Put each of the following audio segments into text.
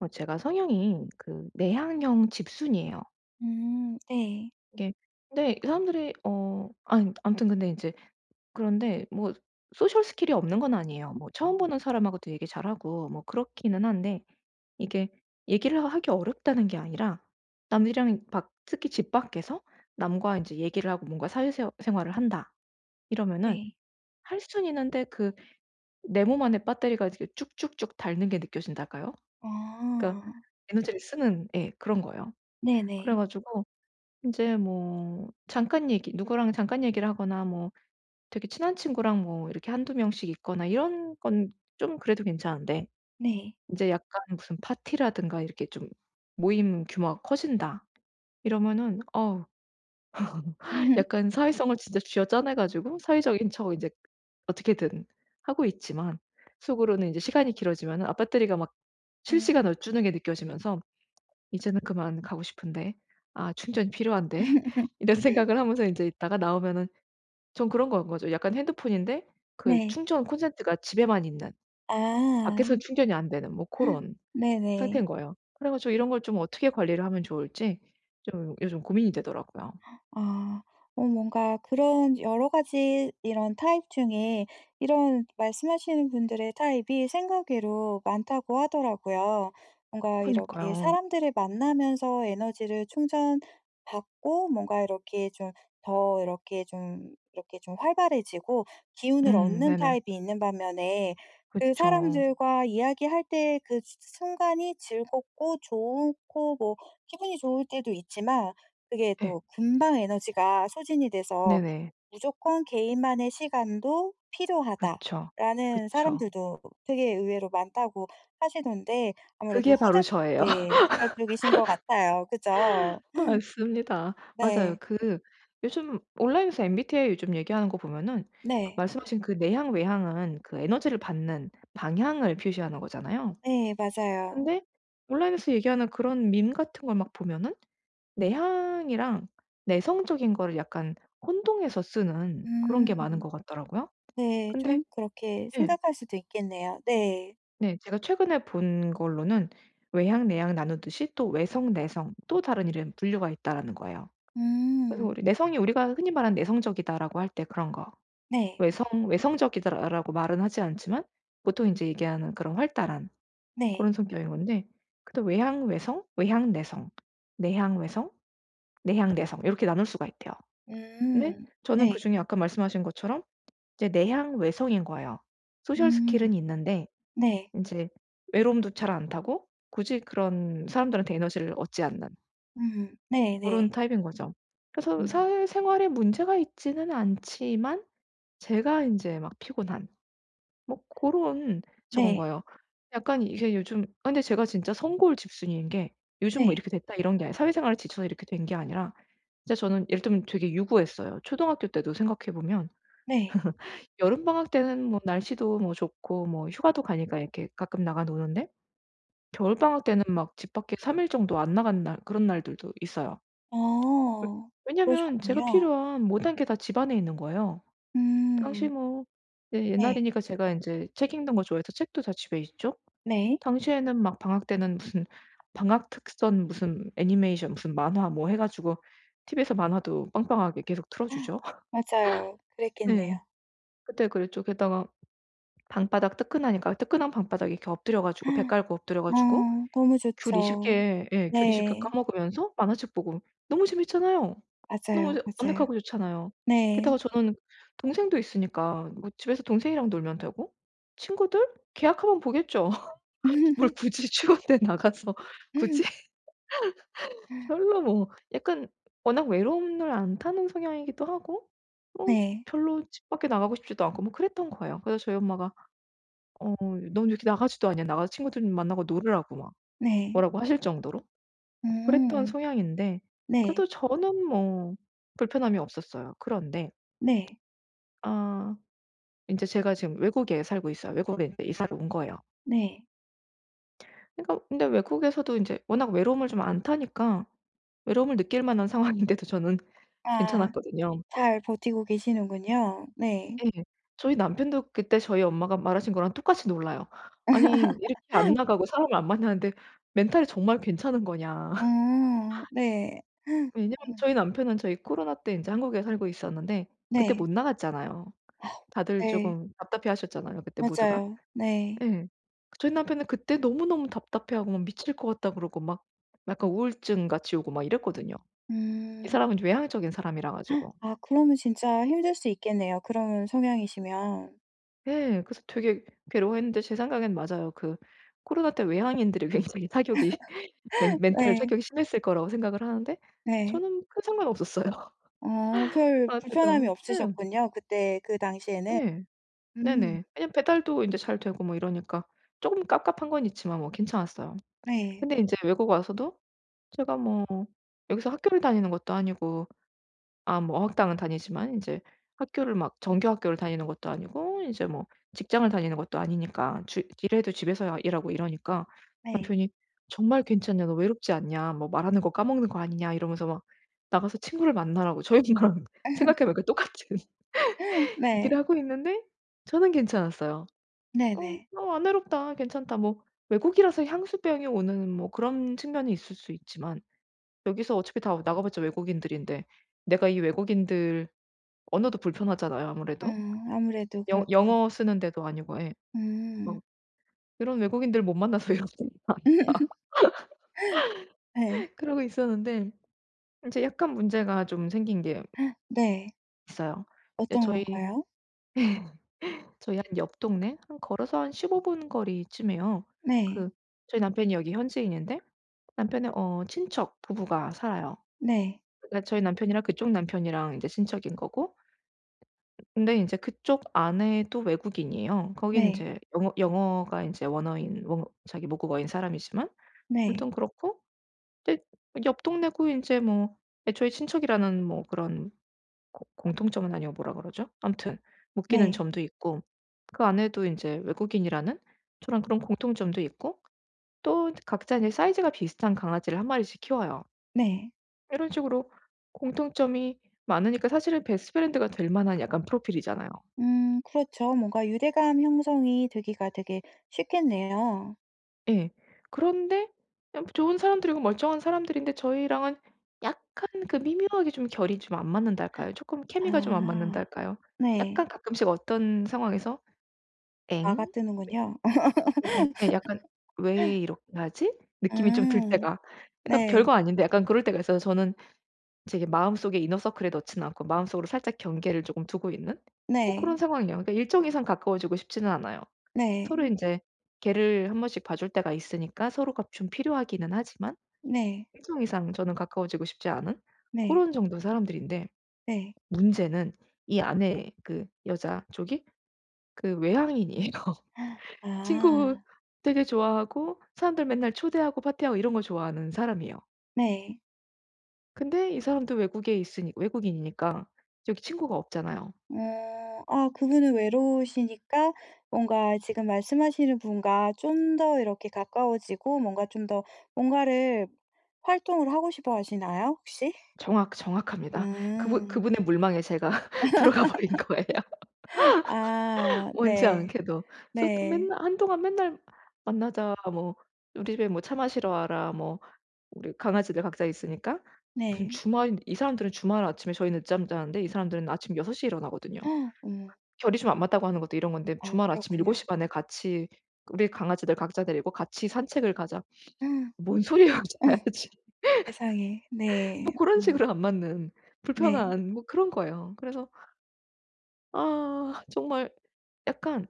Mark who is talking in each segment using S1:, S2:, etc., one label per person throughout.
S1: 어 제가 성향이 그 내향형 집순이예요.
S2: 음 네.
S1: 그게 근데 사람들이 어 암 암튼 근데 이제 그런데 뭐 소셜 스킬이 없는 건 아니예요. 뭐 처음 보는 사람하고도 얘기 잘 하고 뭐 그렇기는 한데 이게 얘기를 하 하기 어렵다는 게 아니라 남들이랑은 밖 특히 집 밖에서 남과 인제 얘기를 하고 뭔가 사회 새 생활을 한다 이러면은
S2: 네.
S1: 할 수는 있는데 그 내 몸 안에 배터리가 이제 쭉쭉쭉 닳는 게 느껴진달까요? 그러니까
S2: 아.
S1: 에너지를 쓰는 예 그런 거예요. 그래
S2: 네네.
S1: 가지고 인제 뭐 잠깐 얘기 누구랑 잠깐 얘기를 하거나 뭐 되게 친한 친구랑 뭐 이렇게 1-2 명씩 있거나 이런 건 좀 그래도 괜찮은데
S2: 네.
S1: 인제 약간 무슨 파티라든가 이렇게 좀 모임 규모가 커진다. 이러면은 어 약간 사회성을 진짜 쥐어짜내 가지고 사회적인 척 인제 어떻게든 하고 있지만 속으로는 인제 시간이 길어지면은 아 배터리가 막
S2: 음.
S1: 실시간으로 주는 게 느껴지면서 '이제는 그만 가고 싶은데. 아 충전이 필요한데.' 이런 생각을 하면서 인제 있다가 나오면은 전 그런 건 거죠. 약간 핸드폰인데 그
S2: 네.
S1: 충전 콘센트가 집에만 있는
S2: 아.
S1: 밖에선 충전이 안 되는 뭐 고런 상태인
S2: 네네.
S1: 거예요. 그래 가지고 이런 걸 좀 어떻게 관리를 하면 좋을지 좀 요즘 고민이 되더라고요.
S2: 아 어 뭔가 그런 여러 가지 이런 타입 중에 이런 말씀하시는 분들의 타입이 생각 외로 많다고 하더라고요. 뭔가 이렇게
S1: 그러니까요.
S2: 사람들을 만나면서 에너지를 충전 받고 뭔가 이렇게 좀 더 이렇게 좀 이렇게 좀 활발해지고 기운을
S1: 음
S2: 얻는
S1: 네네.
S2: 타입이 있는 반면에 그
S1: 그쵸.
S2: 사람들과 이야기할 때 그 수 순간이 즐겁고 좋고 뭐 기분이 좋을 때도 있지만 그게
S1: 예.
S2: 또 금방 에너지가 소진이 돼서
S1: 네네.
S2: "무조건 개인만의 시간도
S1: 그쵸.
S2: 필요하다."라는
S1: 그쵸.
S2: 사람들도 되게 의외로 많다고 하시던데 아무래도
S1: 그게 바로
S2: 후자
S1: 저예요.
S2: 네 후자 쪽이신 것 같아요. 그죠?
S1: 맞습니다. 맞아요.
S2: 네.
S1: 그 요즘 온라인에서 MBTI 요즘 얘기하는 거 보면은 그
S2: 네.
S1: 말씀하신 그 내향, 외향은 그 에너지를 받는 방향을 표시하는 거잖아요.
S2: 네 맞아요.
S1: 근데 온라인에서 얘기하는 그런 밈 같은 걸 막 보면은 내향이랑 내성적인 거를 약간 혼동해서 쓰는 그런 게 많은
S2: 음.
S1: 것 같더라고요.
S2: 네
S1: 근데
S2: 좀 그렇게
S1: 예.
S2: 생각할 수도 있겠네요. 네.
S1: 네. 제가 최근에 본 걸로는 외향, 내향 나누듯이 또 외성, 내성 "또 다른 이름 분류가 있다."라는 거예요. 그래서
S2: 음.
S1: 우리 내성이 우리가 흔히 말하는 "내성적이다."라고 할 때 그런 거
S2: 네.
S1: "외성 외성적이다."라고 말은 하지 않지만 보통 인제 얘기하는 그런 활달한
S2: 네.
S1: 고런 성격인 건데 근데 외향 외성, 외향 내성, 내향 외성, 내향 내성 요렇게 나눌 수가 있대요. 근데
S2: 음.
S1: 저는
S2: 네.
S1: 그중에 아까 말씀하신 것처럼 이제 내향 외성인 거예요. 소셜
S2: 음.
S1: 스킬은 있는데
S2: 네.
S1: 인제 외로움도 잘 안 타고 굳이 그런 사람들한테 에너지를 얻지 않는.
S2: 음 네
S1: 고런
S2: 네.
S1: 타입인거죠. 그래서
S2: 음.
S1: 사회생활에 문제가 있지는 않지만 제가 인제 막 피곤한 뭐 고런 저건
S2: 네.
S1: 거예요. 약간 이게 요즘 아니 근데 제가 진짜 성골 집순이인 게 "요즘 뭐
S2: 네.
S1: 이렇게 됐다." 이런게 아니라 사회생활에 지쳐서 이렇게 된 게 아니라 진짜 저는 예를 들면 되게 유구했어요. 초등학교 때도 생각해 보면
S2: 네.
S1: 여름방학 때는 뭐 날씨도 뭐 좋고 뭐 휴가도 가니까 이렇게 가끔 나가 노는데 겨울방학 때는 막 집 밖에 3 일 정도 안 나간 날 그런 날들도 있어요.
S2: 아
S1: 왜 왜냐면 제가
S2: 그러셨군요.
S1: 필요한 모든 게 다 집 안에 있는 거예요. 당시
S2: 음.
S1: 뭐 네
S2: 네.
S1: 옛날이니까 제가 인제 책 읽는 거 좋아해서 책도 다 집에 있죠.
S2: 네.
S1: 당시에는 막 방학 때는 무슨 방학 특선 무슨 애니메이션 무슨 만화 뭐 해 가지고 TV에서 만화도 빵빵하게 계속 틀어 주죠.
S2: 맞아요.
S1: 네.
S2: 그랬겠네요.
S1: 그때 그랬죠. 게다가 방바닥 뜨끈하니까 뜨끈한 방바닥 이렇게 엎드려 가지고 배 깔고 엎드려
S2: 어
S1: 가지고
S2: 너무
S1: 귤 20
S2: 좋죠.
S1: 개 예 귤 20 개
S2: 네.
S1: 까먹으면서 만화책 보고 너무 재밌잖아요. 너무
S2: 맞아요,
S1: 좋
S2: 맞아요.
S1: 아늑하고 좋잖아요.
S2: 네.
S1: 게다가 저는 동생도 있으니까 뭐 집에서 동생이랑 놀면 되고 친구들? 개학하면 보겠죠. 뭘 굳이 추운데 나가서 굳이? 별로 뭐 약간 워낙 외로움을 안 타는 성향이기도 하고 뭐
S2: 네.
S1: 별로 집 밖에 나가고 싶지도 않고 뭐 그랬던 거예요. 그래서 저희 엄마가 어 "넌 왜 이렇게 나가지도 않냐." 나가서 친구들 만나고 놀으라고 막
S2: 네.
S1: 뭐라고 하실 정도로
S2: 오.
S1: 어 그랬던 성향인데
S2: 네.
S1: 그래도 저는 뭐 불편함이 없었어요. 그런데
S2: 네.
S1: 아 인제 제가 지금 외국에 살고 있어요. 외국에 이사를 온 거예요.
S2: 네.
S1: 그니까 근데 외국에서도 이제 워낙 외로움을 좀 안 타니까 외로움을 느낄 만한 상황인데도 저는
S2: 아.
S1: 괜찮았거든요.
S2: 잘 버티고 계시는군요. 네.
S1: 예. 저희 남편도 그때 저희 엄마가 말하신 거랑 똑같이 놀라요. "아니 이렇게 안 나가고 사람을 안 만나는데 멘탈이 정말 괜찮은 거냐?"
S2: 어. 네.
S1: 왜냐하면
S2: 아.
S1: 저희 남편은 저희 코로나 때 인제 한국에 살고 있었는데 그때
S2: 네.
S1: 못 나갔잖아요. 다들
S2: 네.
S1: 쪼금 답답해하셨잖아요 그때 모두가.
S2: 맞아요. 네.
S1: 예. 저희 남편은 그때 너무너무 답답해하고 막 "미칠 것 같다." 그러고 막 약간 우울증같이 오고 막 이랬거든요. 이
S2: 음.
S1: 사람은 좀 외향적인 사람이라 가지고.
S2: 아 그러면 진짜 힘들 수 있겠네요 그런 성향이시면.
S1: 네. 그래서 되게 괴로워했는데 제 생각엔 맞아요. 그 코로나 때 외향인들이 굉장히 타격이 멘 멘탈
S2: 네.
S1: 타격이 심했을 거라고 생각을 하는데
S2: 네.
S1: 저는 큰 상관 없었어요.
S2: 어. 별
S1: 코로나
S2: 불편함이
S1: 때도 네.
S2: 없으셨군요 그때 그 당시에는.
S1: 네.
S2: 음.
S1: 네네. 왜냐하면 배달도 인제 잘 되고 뭐 이러니까 쪼금 갑갑한 건 있지만 뭐 괜찮았어요.
S2: 네.
S1: 근데 인제 외국 와서도 제가 뭐 여기서 학교를 다니는 것도 아니고 아 뭐 어학당은 다니지만 인제 학교를 막 정규 학교를 다니는 것도 아니고 이제 뭐 직장을 다니는 것도 아니니까 주 일해도 집에서 일하고 이러니까
S2: 네.
S1: 남편이 "정말 괜찮냐. 너 외롭지 않냐. 뭐 말하는 거 까먹는 거 아니냐." 이러면서 막 나가서 친구를 만나라고 저희 집이랑 생각해 보니까 똑같은 얘기를
S2: 네.
S1: 하고 있는데 저는 괜찮았어요. "어
S2: 네네.
S1: 나 안 외롭다. 괜찮다." 뭐 외국이라서 향수병이 오는 뭐 그런 측면이 있을 수 있지만 여기서 어차피 다 나가 봤자 외국인들인데 내가 이 외국인들 언어도 불편하잖아요 아무래도.
S2: 어. 아무래도
S1: 영
S2: 그렇죠.
S1: 영어 쓰는 데도 아니고. 예. 뭐
S2: 음.
S1: 이런 외국인들 못 만나서 [unintelligible]
S2: 네.
S1: 그러고 있었는데 이제 약간 문제가 좀 생긴 게
S2: 네.
S1: 있어요. 근데
S2: 어떤
S1: 저희
S2: 건가요?
S1: 저희 한 옆 동네 한 걸어서 한 15 분 거리쯤에요.
S2: 네.
S1: 그 저희 남편이 여기 현지인인데 남편의 어 친척 부부가 살아요.
S2: 네.
S1: 그니까 저희 남편이랑 그쪽 남편이랑 이제 친척인 거고 근데 인제 그쪽 아내도 외국인이에요. 거기는
S2: 네.
S1: 이제 영어 영어가 이제 원어인 원 자기 모국어인 사람이지만
S2: 네.
S1: 아무튼 그렇고 근데 옆 동네고 이제 뭐 애초에 친척이라는 뭐 그런 고 공통점은 아니고 뭐라 그러죠? 아무튼 묶이는
S2: 네.
S1: 점도 있고 그 아내도 인제 외국인이라는 저랑 그런 공통점도 있고 또 각자 인제 사이즈가 비슷한 강아지를 1 마리씩 키워요.
S2: 네.
S1: 요런 식으로 공통점이 많으니까 사실은 베스트 프렌드가 될 만한 약간 프로필이잖아요.
S2: 음. 그렇죠. 뭔가 유대감 형성이 되기가 되게 쉽겠네요.
S1: 예. 그런데 좀 좋은 사람들이고 멀쩡한 사람들인데 저희랑은 약간 그 미묘하게 좀 결이 좀 안 맞는다 할까요? 쪼끔 케미가 좀 안 맞는다
S2: 아.
S1: 할까요?
S2: 네.
S1: 약간 가끔씩 어떤 상황에서? '엥?'
S2: 마가 뜨는군요.
S1: 네. 약간 예 약간 '왜 이렇게 하지?' 느낌이 좀 들
S2: 음.
S1: 때가 그러니까
S2: 네.
S1: 별거 아닌데 약간 그럴 때가 있어서 저는 제게 마음속에 이너서클에 넣지는 않고 마음속으로 살짝 경계를 쪼끔 두고 있는? 뭐 그런
S2: 네.
S1: 상황이에요. 그러니까 일정 이상 가까워지고 싶지는 않아요. 서로
S2: 네.
S1: 인제 개를 1 번씩 봐줄 때가 있으니까 서로가 좀 필요하기는 하지만
S2: 네.
S1: 일정 이상 저는 가까워지고 싶지 않은?
S2: 네.
S1: 고런 정도 사람들인데
S2: 네.
S1: 문제는 이 안에 그 여자 쪽이 그 외향인이에요. 친구
S2: 아.
S1: 되게 좋아하고 사람들 맨날 초대하고 파티하고 이런 거 좋아하는 사람이에요.
S2: 네.
S1: 근데 이 사람도 외국에 있으니 외국인이니까 여기 친구가 없잖아요.
S2: 어. 아 그분은 외로우시니까 뭔가 지금 말씀하시는 분과 좀 더 이렇게 가까워지고 뭔가 좀 더 뭔가를 활동을 하고 싶어 하시나요? 혹시?
S1: 정확, 정확합니다. 그분
S2: 음.
S1: 그분의 물망에 제가 들어가 버린 거예요.
S2: 아.
S1: 원치
S2: 네.
S1: 않게도 솟
S2: 네.
S1: 맨날 한동안 맨날 "만나자." 뭐 "우리 집에 뭐 차 마시러 와라." 뭐 우리 강아지들 각자 있으니까 무슨
S2: 네.
S1: 주말 이 사람들은 주말 아침에 저희는 늦잠 자는데 이 사람들은 아침 6:00 에 일어나거든요.
S2: 어머.
S1: 결이 좀 안 맞다고 하는 것도 이런 건데
S2: 아.
S1: 주말 아침 일곱
S2: 그렇군요.
S1: 시 반 에 같이 "우리 강아지들 각자 데리고 같이 산책을 가자." 뭔 소리야
S2: 어머.
S1: 자야지.
S2: 세상에. 네.
S1: 뭐 고런
S2: 뭐.
S1: 식으로 안 맞는
S2: 네.
S1: 불편한 뭐 그런 거예요. 그래서 아 정말 약간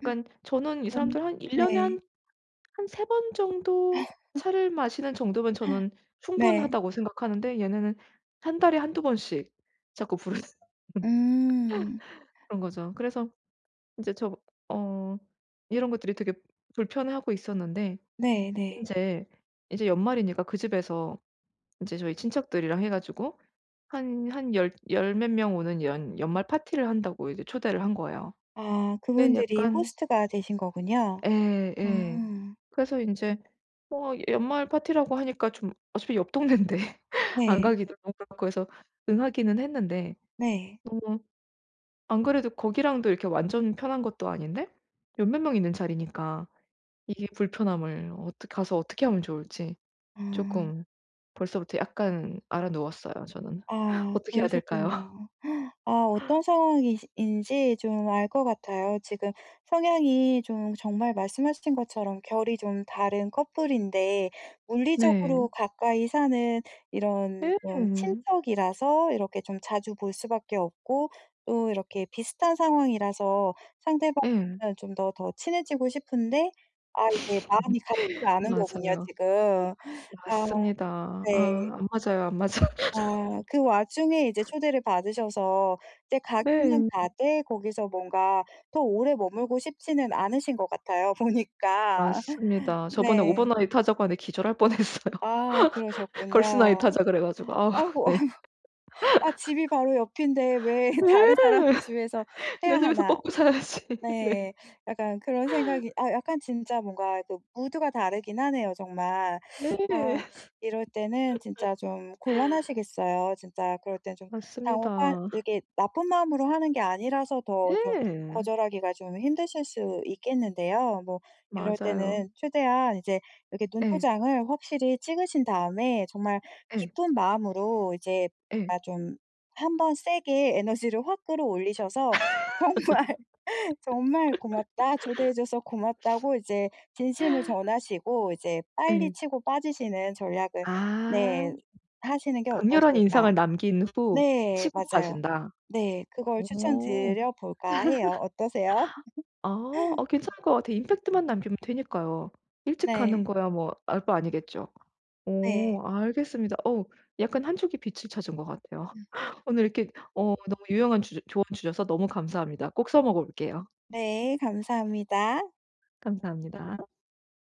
S1: 저는 이
S2: 음
S1: 사람들 한 1 년에
S2: 네.
S1: 한, 한 3 번 정도 차를 마시는 정도면 저는
S2: 네.
S1: 충분하다고 생각하는데 얘네는 1 달에 1-2 번씩 자꾸 부르는
S2: 음.
S1: 그런 거죠. 그래서 이제 저 어 이런 것들이 되게 불편해하고 있었는데
S2: 네 네.
S1: 인제 이제 연말이니까 그 집에서 이제 저희 친척들이랑 해 가지고 한, 한 열 열 몇 명 오는 이런 연말 파티를 한다고 이게 초대를 한 거예요.
S2: 아
S1: 근데
S2: 그분들이
S1: 약간
S2: 호스트가 되신 거군요.
S1: 예 예.
S2: 아.
S1: 그래서 인제 뭐 연말 파티라고 하니까 좀 어차피 옆 동네인데 안
S2: 네.
S1: 가기도 그렇고 그래서 응하기는 했는데
S2: 네.
S1: 음 안 그래도 거기랑도 이렇게 완전 편한 것도 아닌데 열 몇 명 있는 자리니까 이게 불편함을 어떻 가서 어떻게 하면 좋을지
S2: 어.
S1: 쪼끔 벌써부터 약간 앓아 누웠어요 저는.
S2: 아
S1: 어떻게 해야 될까요?
S2: 그러셨군요. 아 어떤 상황이신 인지 좀 알 것 같아요. 지금 성향이 좀 정말 말씀해 주신 것처럼 결이 좀 다른 커플인데
S1: 네.
S2: 물리적으로 가까이 사는 이런 좀
S1: 네.
S2: 친척이라서 이렇게 좀 자주 볼 수밖에 없고 또 이렇게 비슷한 상황이라서 상대방은
S1: 예.
S2: 좀 더 더 친해지고 싶은데 아 이게 마음이 가지가 않는 거군요
S1: 맞아요.
S2: 지금. 아
S1: 맞습니다.
S2: 네.
S1: 아 안 맞아요. 안 맞아.
S2: 아 그 와중에 이제 초대를 받으셔서 이제 가기는
S1: 네.
S2: 가되 거기서 뭔가 더 오래 머물고 싶지는 않으신 것 같아요 보니까.
S1: 맞습니다. 저번에
S2: 네.
S1: 오버나이트 하자고 하는데 기절할 뻔했어요.
S2: 아
S1: 걸스나이트
S2: 그러셨군요.
S1: 하자 그래 가지고. 아
S2: 아이고
S1: 네.
S2: 아 '집이 바로 옆인데 왜
S1: 네.
S2: 다른 사람 집에서 해야
S1: 내 집에서
S2: 하나.'
S1: 뻗고 살아야지. 네.
S2: 네. 약간 그런 생각이 아 약간 진짜 뭔가 또 무드가 다르긴 하네요 정말.
S1: 네.
S2: 아 이럴 때는 진짜 좀 곤란하시겠어요. 진짜 그럴 땐 좀 당혹한
S1: 맞습니다.
S2: 이렇게 나쁜 마음으로 하는 게 아니라서 더 좀
S1: 네.
S2: 거절하기가 좀 힘드실 수 있겠는데요. 뭐 이럴
S1: 맞아요.
S2: 때는 최대한 이제 이렇게
S1: 예.
S2: 눈도장을 확실히 찍으신 다음에 정말
S1: 예.
S2: 기쁜 마음으로 이제
S1: 예.
S2: 아 좀 한번 세게 에너지를 확 끌어올리셔서 "정말, 정말 고맙다." 초대해 줘서 고맙다고 이제 진심을 전하시고 이제 빨리
S1: 예.
S2: 치고 빠지시는 전략을
S1: 아
S2: 네 하시는 게
S1: 강렬한
S2: 어떠실까.
S1: 인상을 남긴 후
S2: 네
S1: 치고
S2: 맞아요.
S1: 빠진다.
S2: 네. 그걸
S1: 어.
S2: 추천 드려볼까 해요. 어떠세요?
S1: 아 아 괜찮을 것 같아요. 임팩트만 남기면 되니까요. 일찍 가는
S2: 네.
S1: 거야 뭐 알 봐 아니겠죠.
S2: 네.
S1: 어 알겠습니다. 어 약간 한 쪽의 빛을 찾은 것 같아요. 오늘 이렇게 어 너무 유용한 주 조언 주셔서 너무 감사합니다. 꼭 써 먹어 볼게요.
S2: 네, 감사합니다.
S1: 감사합니다.